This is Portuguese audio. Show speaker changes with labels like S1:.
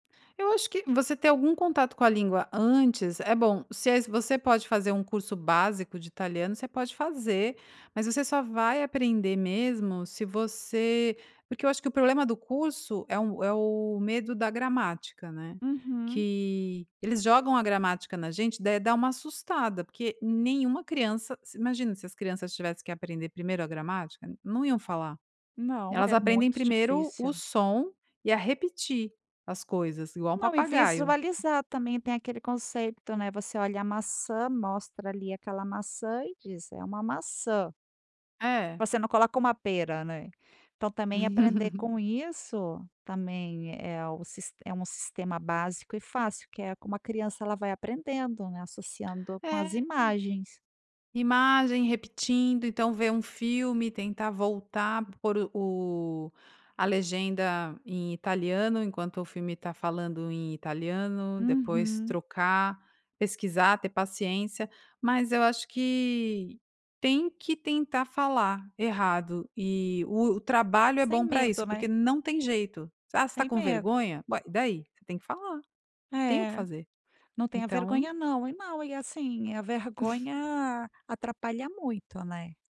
S1: Eu acho que você ter algum contato com a língua antes é bom. Se é se você pode fazer um curso básico de italiano, você pode fazer, mas você só vai aprender mesmo se você porque eu acho que o problema do curso é um é o medo da gramática, né,
S2: Uhum.
S1: que eles jogam a gramática na gente daí dá uma assustada porque nenhuma criança, se Imagina se as crianças tivessem que aprender 1º a gramática, n não iam falar,
S2: Não,
S1: elas
S2: é
S1: aprendem
S2: muito
S1: 1º o
S2: difícil.
S1: som e a repetir as coisas igual um
S2: Não, e
S1: papagaio.
S2: visualizar também. Tem aquele conceito, né, você olha a maçã, mostra ali aquela maçã e diz: "É uma maçã.".
S1: É.
S2: Você não coloca uma pera, né? Então, também aprender com isso, também, é o é um sistema básico e fácil que é como a criança, ela vai aprendendo, né, associando com
S1: É.
S2: as imagens.
S1: Imagem, repetindo, então ver um filme e tentar voltar, por o a legenda em italiano enquanto o filme tá falando em italiano, depois
S2: Uhum.
S1: trocar, pesquisar, ter paciência, mas eu acho que tem que tentar falar errado e o o trabalho é
S2: Sem
S1: bom pra isso,
S2: medo,
S1: porque
S2: né?
S1: não tem jeito. "S Ah, você está
S2: Sem
S1: com
S2: medo.
S1: vergonha? Ué? E daí?" Você tem que falar, não tem o que
S2: É.
S1: fazer.
S2: Não tenha
S1: Então
S2: vergonha não. E não e, assim, a vergonha atrapalha muito, né?